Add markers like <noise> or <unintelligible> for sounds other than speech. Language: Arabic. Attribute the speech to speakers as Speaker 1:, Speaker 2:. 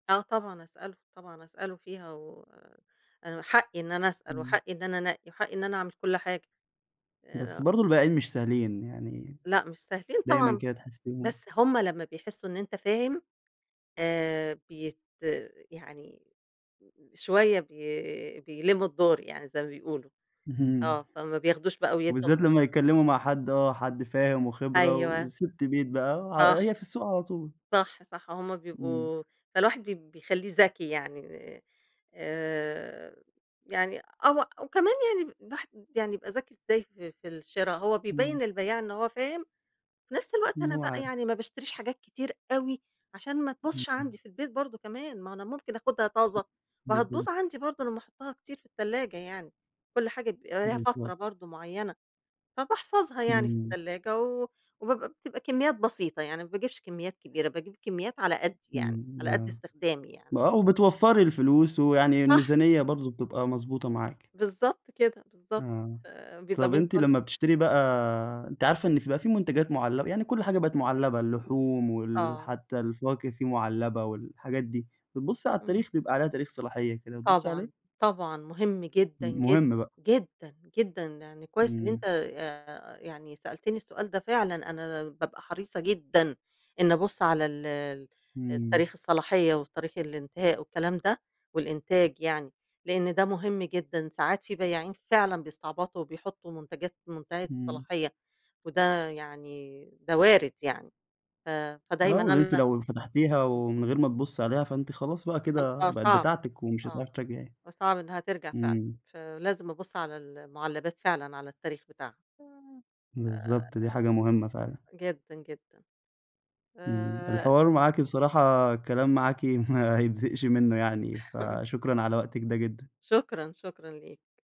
Speaker 1: آه، طبعًا أسأله، طبعًا أسأله فيها، و أنا حقي إن أنا أسأل،
Speaker 2: إمم.
Speaker 1: وحقي إن أنا أنقِّي، وحقي إن أنا أعمل كل حاجة،
Speaker 2: بس
Speaker 1: أ
Speaker 2: برضه البياعين مش سهلين يعني،
Speaker 1: لأ، مش سهلين
Speaker 2: دايمًا
Speaker 1: طبعًا،
Speaker 2: كده تحسيهم
Speaker 1: بس هُم لمّا بيحسوا إن أنت فاهم آآ، بيت يعني شوية بي بيلِّموا الدور يعني زي ما بيقولوا،
Speaker 2: اهم.
Speaker 1: آه فما بياخدوش بقى، ويدّوا م
Speaker 2: وبالذات لمّا يتكلموا مع حد آه حد فاهم وخبرة،
Speaker 1: أيوه.
Speaker 2: وستّ بيت بقى، ع
Speaker 1: صح.
Speaker 2: هي في السوق على طول.
Speaker 1: صح، صح هم
Speaker 2: إمم.
Speaker 1: بيبقوا فالواحد ب بيخليه ذكي يعني، آآ، يعني أو وكمان يعني الواحد يعني يبقى ذكي إزاي في في الشرا، هو بيبيّن
Speaker 2: إمم.
Speaker 1: البياع إن هو فاهم، في نفس الوقت
Speaker 2: إن
Speaker 1: أنا
Speaker 2: هو
Speaker 1: بقى
Speaker 2: عارف.
Speaker 1: يعني ما باشتريش حاجات كتير أوي، عشان ما تبوظش
Speaker 2: إمم.
Speaker 1: عندي في البيت برضه كمان، ما أهو أنا ممكن أخدها طازة، وهتبوظ
Speaker 2: <unintelligible>
Speaker 1: عندي برضه لمّا أحطها كتير في التلاجة يعني، كل حاجة بيبقى ليها فترة
Speaker 2: بالضبط.
Speaker 1: برضه معيّنة، فباحفظها يعني في
Speaker 2: إمم.
Speaker 1: التلاجة و وبابقى بتبقى كميات بسيطة يعني، ما باجيبش كميات كبيرة باجيب كميات على قدِّي يعني،
Speaker 2: إمم
Speaker 1: على قد
Speaker 2: آه،
Speaker 1: استخدامي يعني.
Speaker 2: آه، وبتوفّري الفلوس ويعني
Speaker 1: صح.
Speaker 2: الميزانية برضه بتبقى مضبوطة معاكِ.
Speaker 1: بالضبط كده، بالضبط
Speaker 2: آه،
Speaker 1: ف بيبقى
Speaker 2: طَب
Speaker 1: من
Speaker 2: أنتِ
Speaker 1: كل
Speaker 2: لمّا بتشتري بقى أنتِ عارفة إن فيه بقى فيه منتجات معلّبة يعني كل حاجة بقت معلبة، اللحوم وال
Speaker 1: آه.
Speaker 2: حتى الفواكه فيه معلّبة والحاجات دي، بتبُصّي على
Speaker 1: إمم.
Speaker 2: التاريخ؟ بيبقى عليها تاريخ صلاحية كده، بتبُصّي عليه؟
Speaker 1: طبعًا، طبعًا مهم جدًا،
Speaker 2: امم،
Speaker 1: جداً،
Speaker 2: مهم بقى.
Speaker 1: جدًا، جدًا، يعني كويس إن
Speaker 2: إمم.
Speaker 1: أنت آآ، يعني سألتني السؤال ده فعلًا، أنا بابقى حريصة جدًا إني أبُصّ على ال ال
Speaker 2: إمم.
Speaker 1: تاريخ الصلاحية وتاريخ الإنتهاء والكلام ده، والإنتاج يعني لأن ده مهم جدًا، ساعات في بياعين فعلًا بيستعبطوا، وبيحطوا منتجات منتهية
Speaker 2: إمم.
Speaker 1: الصلاحية، وده يعني ده وارد يعني، ف
Speaker 2: آه،
Speaker 1: فدايمًا
Speaker 2: وإن أنتِ
Speaker 1: أنا
Speaker 2: لو فتحتيها
Speaker 1: إمم.
Speaker 2: ومن غير ما تبُصّي عليها فأنتِ خلاص بقى
Speaker 1: ال آه
Speaker 2: كده، بقِت
Speaker 1: صعب،
Speaker 2: بتاعتِك ومش
Speaker 1: آه،
Speaker 2: هتعرفي ترجعيها،
Speaker 1: فصعب إنها ترجَع فعلًا،
Speaker 2: إمم.
Speaker 1: فلازم أبُصّ على المعلّبات فعلًا على التاريخ بتاعها. آآ،
Speaker 2: بالضبط، دي حاجة مهمة فعلًا.
Speaker 1: جدًا، جدًا،
Speaker 2: إمم،
Speaker 1: آآ
Speaker 2: الحوار معاكِ بصراحة الكلام معاكِ ما يتزهقش منه يعني،
Speaker 1: <laughs>
Speaker 2: فشكرًا على وقتِك ده جدًا.
Speaker 1: شكرًا، شكرًا ليك.